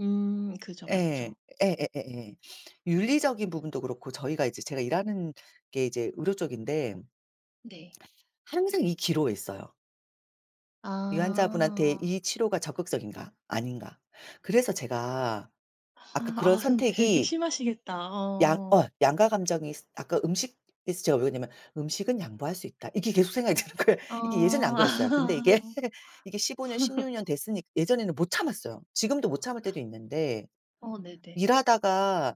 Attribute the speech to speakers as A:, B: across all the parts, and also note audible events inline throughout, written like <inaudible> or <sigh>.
A: 음 그죠 맞죠.
B: 예. 예예예예. 윤리적인 부분도 그렇고 저희가 이제 제가 일하는 게 이제 의료 쪽인데
A: 네.
B: 항상 이 기로에 있어요. 이 환자분한테
A: 아.
B: 이 치료가 적극적인가? 아닌가? 그래서 제가 아까
A: 아
B: 그런
A: 아 그럼 되게
B: 선택이
A: 심하시겠다.
B: 양 어
A: 어.
B: 양가감정이 스 아까 음식에서 제가 왜 그러냐면 '음식은 양보할 수 있다.' 이게 계속 생각이 드는 거예요. 이게 예전에는 안 그랬어요. 근데 이게,
A: 어.
B: 이게 15 년,
A: <laughs>
B: 16 년 됐으니 예전에는 못 참았어요. 지금도 못 참을 때도 있는데,
A: 어 네네.
B: 일하다가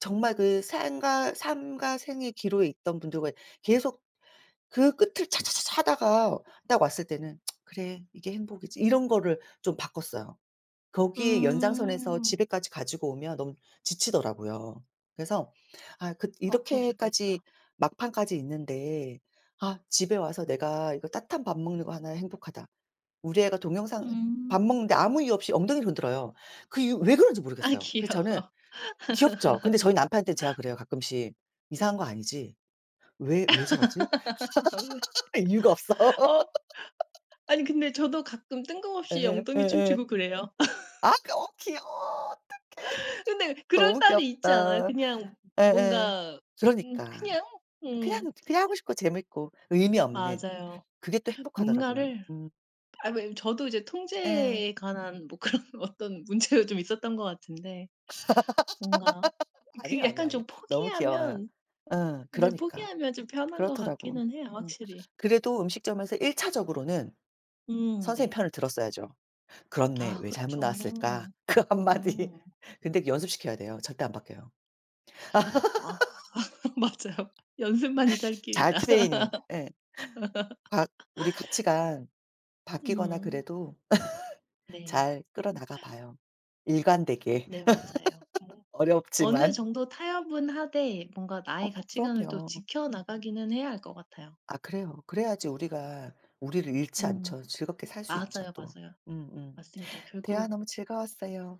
B: 정말 그 생과 삶과 생의 기로에 있던 분들과 계속 그 끝을 차차차차 하다가 딱 왔을 때는 <tsk> '그래 이게 행복이지.' 이런 거를 좀 바꿨어요. 거기에 연장선에서
A: 음.
B: 집에까지 가지고 오면 너무 지치더라고요. 그래서 아 그
A: 아
B: 이렇게까지
A: 그러셨겠다.
B: 막판까지 있는데 '아 집에 와서 내가 이거 따뜻한 밥 먹는 거 하나 행복하다.' 우리 애가 동영상 밥
A: 음.
B: 먹는데 아무 이유 없이 엉덩이를 흔들어요. 그 이유 왜 그런지
A: 아
B: 모르겠어요. 그래서 저는
A: 귀여워.
B: 귀엽죠. 근데 저희 남편한테 제가
A: <laughs>
B: 그래요. 가끔씩 "이상한 거 아니지? 왜, 왜 저러지?"
A: <laughs> 아 왜?
B: <laughs> 이유가 없어.
A: 어 아니
B: <laughs>
A: 근데 저도 가끔 뜬금없이
B: 예
A: 엉덩이
B: 예예.
A: 춤추고 그래요. <laughs>
B: 아 그 어 귀여워 어떡해.
A: 근데 그런
B: 너무
A: 날이 있지 않아요?
B: 귀엽다.
A: 그냥
B: 예예
A: 뭔가 음
B: 그러니까.
A: 그냥 음.
B: 그냥 그냥 하고 싶고 재미있고 의미 없는
A: 맞아요.
B: 그게 또 행복하더라고요.
A: 뭔가를
B: 음.
A: 아니 뭐 저도 이제
B: 예.
A: 통제에 관한 뭐 그런 어떤 문제도 좀 있었던 것 같은데 뭔가
B: <laughs>
A: 그
B: 아니요, 아니요,
A: 약간
B: 아니요.
A: 좀
B: 너무 귀여워요.
A: 포기하면
B: 어
A: 늘
B: 그러니까.
A: 포기하면 좀 편한 것
B: 그렇더라고.
A: 같기는 해요
B: 음
A: 확실히.
B: 그래도 음식점에서 1 차적으로는
A: 음
B: 선생님
A: 네.
B: 편을 들었어야죠. "그렇네.
A: 아
B: 왜 잘못 나왔을까?"
A: 그렇죠.
B: 그 1 마디.
A: 음.
B: 근데 연습시켜야 돼요. 절대 안 바뀌어요.
A: 아 <laughs> 맞아요. 연습만이 살
B: <laughs> 잘
A: 길이다.
B: 트레이닝 예. 바 우리
A: <laughs>
B: 가치가 바뀌거나
A: 음.
B: 그래도 <laughs>
A: 네.
B: 잘 끌어나가 봐요. 일관되게.
A: 네 맞아요.
B: <laughs>
A: 뭐 어느
B: 어렵지만.
A: 정도 타협은 하되 뭔가 나의
B: 어
A: 가치관을 또
B: 그럼요.
A: 지켜 나가기는 해야 할 것 같아요.
B: 아 그래요. 그래야지 우리가 우리를 잃지
A: 음
B: 않죠. 즐겁게 살 수 있죠.
A: 맞아요,
B: 또
A: 맞아요.
B: 음음
A: 맞습니다.
B: 대화
A: 결국
B: 너무 즐거웠어요.